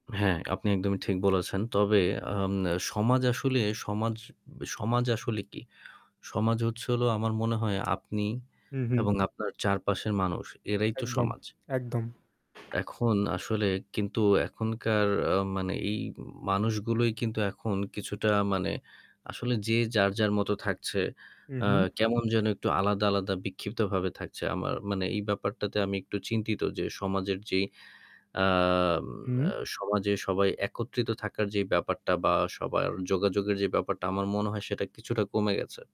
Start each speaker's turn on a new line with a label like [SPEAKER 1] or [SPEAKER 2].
[SPEAKER 1] হ্যাঁ, আপনি একদমই ঠিক বলেছেন। তবে আম আ সমাজ আসলে সমাজ ব সমাজ আসলে কি? সমাজ হচ্ছে হলো আমার মনে হয় আপনি
[SPEAKER 2] হুম, হুম।
[SPEAKER 1] এবং আপনার চারপাশের মানুষ। এরাই তো
[SPEAKER 2] একদম,
[SPEAKER 1] সমাজ
[SPEAKER 2] একদম।
[SPEAKER 1] এখন আসলে কিন্তু এখনকার আ মানে এই মানুষগুলোই কিন্তু এখন কিছুটা মানে আসলে যে যার, যার মতো থাকছে।
[SPEAKER 2] হু,
[SPEAKER 1] আ
[SPEAKER 2] হু।
[SPEAKER 1] কেমন যেন একটু আলাদা, আলাদা বিক্ষিপ্তভাবে থাকছে। আমার মানে এই ব্যাপারটাতে আমি একটু চিন্তিত যে, সমাজের যেই আ ম আ
[SPEAKER 2] হু।
[SPEAKER 1] সমাজে সবাই একত্রিত থাকার যেই ব্যাপারটা বা সবার যোগাযোগের যে ব্যাপারটা, আমার মনে হয় সেটা কিছুটা কমে গেছে।